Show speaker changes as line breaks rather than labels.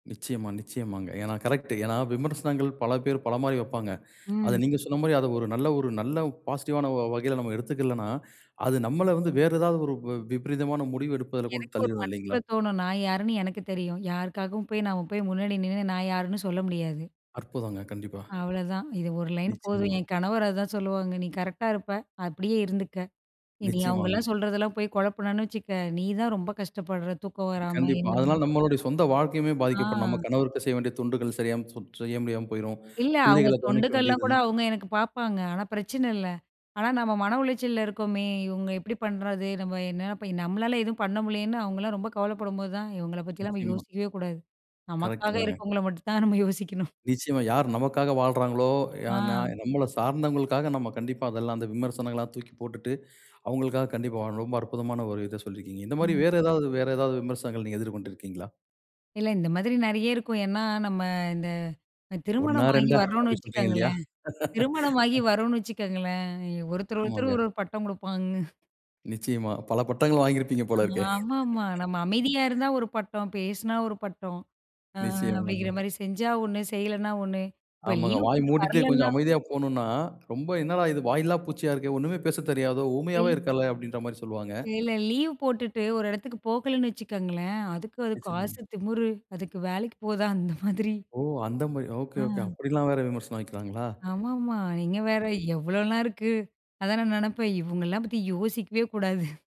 நிச்சயமா, நிச்சயமாங்க. ஏனா கரெக்ட், ஏனா விமர்சனங்கள் பல பேர் பல மாரி வைப்பாங்க. அத
ம்.
நீங்க சொன்ன மாரி அதை ஒரு, நல்ல ஒரு நல்ல பாசிட்டிவ் ஆன வ வ வகையில நம்ம எடுத்துக்கலனா, அது நம்மல வந்து வேறு ஏதாவது ஒரு வி வி விபரீதமான முடிவு எடுப்பதில கொண்டு
எனக்கு ஒரு
தள்ளிரும் இல்லைங்களா?
மனசுக்குள்ள தோணும். "நான் யாருன்னு எனக்கு தெரியும். யாருக்காகவும் போய் நம்ம போய் முன்னாடி நின்னு நான் யாருன்னு சொல்ல முடியாது."
அற்புதங்க! கண்டிப்பா.
அவ்வளோதான். இது ஒரு லைன் போதும்,
நிச்சயமா.
"என் கணவர் அதான் சொல்லுவாங்க, நீ கரெக்ட்டா இருப்ப, அப்படியே இருந்துக்க. இனி
நிச்சயமாங்க.
அவங்களலாம் சொல்றதெல்லாம் போய் குழப்புனன்னு வச்சுக்க, நீ தான் ரொம்ப கஷ்டப்படுற, தூக்கம் வராம,"
கண்டிப்பா,
என்ன
அதனால நம்முடைய சொந்த வாழ்க்கையுமே பாதிக்கப்படும். நம்ம
ஆ.
கணவருக்கு செய்ய வேண்டிய தொண்டுகள் சரியாம செய் செய்ய முடியாம போய்ரும்,
இல்ல, அவங்க
பிள்ளைகளை கவனிக்க
தொண்டுகள்லாம்
முடியாது.
கூட அவங்க எனக்கு பார்ப்பாங்க. ஆனா, பிரச்சனை இல்ல. ஆனா, நம்ம மன உளைச்சல்ல இருக்கோமே, இவங்க இப்படி பண்ணுறது, நம்ம என்ன போய் நம்மளால எதுவும் பண்ண முடியலேன்னு, அவங்களலாம் ரொம்ப கவலைப்படும்போது தான், இவங்களை பத்தியெல்லாம் நம்ம
நிச்சயமா.
யோசிக்கவே கூடாது, நமக்காக
கரெக்ட்டுதாங்க.
இருக்கறவங்களை மட்டும் தான் நம்ம யோசிக்கணும்.
நிச்சயமா யார் நமக்காக வாழ்றாங்களோ? யா நா
அ.
"நம்மல சார்ந்தவர்களுக்காக நம்ம கண்டிப்பா, அதெல்லாம் அந்த விமர்சனங்கள்லாம் தூக்கி போட்டுட்டு, அவங்களுக்காக கண்டிப்பா வாழணும், ரொம்ப அற்புதமான ஒரு இத சொல்லிருக்கீங்க," இந்த மாதிரி
ம்.
வேறு, ஏதாவது வேற ஏதாவது விமர்சனங்கள் நீங்க எதிர்கொண்டு இருக்கிங்களா?
இல்ல இந்த மாதிரி நிறைய இருக்கும். ஏன்னா, நம்ம இந்த இந்
1ஆ
திருமணம் ஆகி
2ஆ
வரோம்னு
அப்படி சொல்றீங்க இல்லையா?
வச்சுக்கோங்களேன் திருமணமாகி வரோம்னு வச்சுக்கோங்களேன், ஒருத்தர், ஒருத்தர்
ஆமாங்க.
ஒரு, ஒரு பட்டம் கொடுப்பாங்க.
நிச்சயமா, பல பட்டங்கள் வாங்கியிருப்பீங்க போலருக்கே.
ஆமாம்மா. நம்ம அமைதியா இருந்தா ஒரு பட்டம், பேசுனா ஒரு பட்டம், ஆ அப்படிங்கிற
நிச்சயமாங்க.
மாரி செஞ்சா 1, செய்யலைன்னா 1, இப்போ
ஆமாங்க.
லீவ்
வாய்
போட்டு
மூடிட்டு கொஞ்சம்
வரலைன்னா?
அமைதியா போனோனா, ரொம்ப என்னடா இது வாயில்ல பூச்சியா இருக்கே, ஒண்ணுமே பேசத் தெரியாதோ? ஊமையாவே
இல்
இருக்காலே, அப்படின்கிற மாரி சொல்வாங்க.
இல்ல. லீவ் போட்டுட்டு ஒரு இடத்துக்கு போகலன்னு வச்சுக்கோங்களேன், அதுக்கு அது காசு
நிச்சயமாங்க.
திமிரு, அதுக்கு வேலைக்கு போதா அந்த மாதிரி,
ஓ! அந்த மாரி. ஒகே, ஒகே
அம்.
அப்படியெல்லாம் வேறு விமர்சனம் வைக்கிறாங்களா?
ஆமாம்மா. நீங்க
அது
வேறு
சரி.
எவ்வளோலாம் இருக்கு, அதான் நான் நினைப்பேன் இவங்களலாம் பத்தி யோசிக்கவே கூடாது.